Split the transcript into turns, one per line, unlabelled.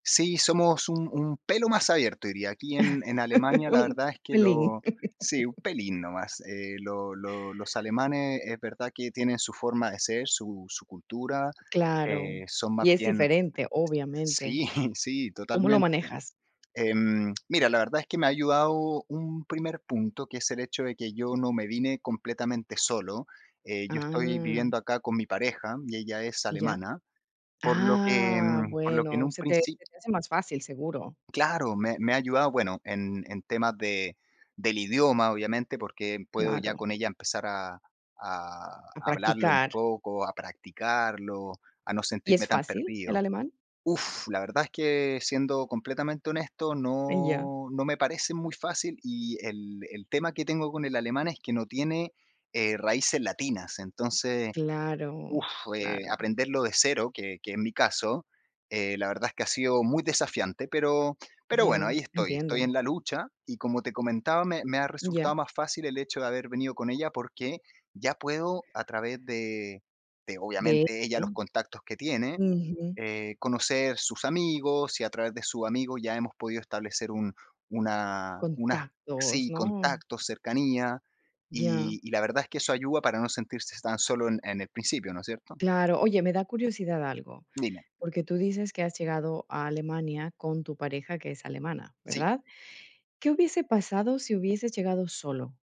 Sí, somos un un pelo más abierto, diría aquí en en Alemania. La
Un
verdad es que
pelín.
lo sí, un pelín nomás. Eh, lo lo los alemanes es verdad que tienen su forma de ser, su su cultura,
Claro.
eh, son más
Y es
bien
diferente, obviamente.
sí, sí,
¿Cómo lo
totalmente.
manejas?
Em, mira, la verdad es que me ha ayudado un primer punto, que es el hecho de que yo no me vine completamente solo. Eh, yo estoy
Ah.
viviendo acá con mi pareja y ella es
Ya.
alemana, por lo que
Ah,
por lo que en
bueno,
un
se te
princi
se te hace más fácil, seguro.
Claro, me me ha ayudado, bueno, en en temas de del idioma, obviamente, porque puedo ya
Claro.
con ella empezar a a
A
hablarlo un
practicar.
poco, a practicarlo, a no
¿Y
sentirme
es
tan
fácil el
perdido.
alemán?
Uf, la verdad es que siendo completamente honesto,
Ay, ya.
no no me parece muy fácil, y el el tema que tengo con el alemán es que no tiene, eh, raíces latinas. Entonces,
Claro,
uf, eh,
claro.
aprenderlo de cero, que que es mi caso, eh, la verdad es que ha sido muy desafiante, pero pero bueno,
Ya,
ahí estoy, estoy
entiendo.
en la lucha. Y como te comentaba, me me ha
Ya.
resultado más fácil el hecho de haber venido con ella, porque ya puedo a través de de,
De
obviamente, ella, los
[unintelligible]
contactos que tiene,
Újú.
eh, conocer sus amigos, y a través de sus amigos ya hemos podido establecer un una una
Contactos,
sí,
¿no?
contactos, cercanía,
Ya.
y y la verdad es que eso ayuda para no sentirse tan solo en en el principio, ¿no es cierto?
Claro. Oye, me da curiosidad algo,
Dime.
porque tú dices que has llegado a Alemania con tu pareja, que es alemana,
Sí.
¿verdad? ¿Qué hubiese pasado si hubieses llegado solo?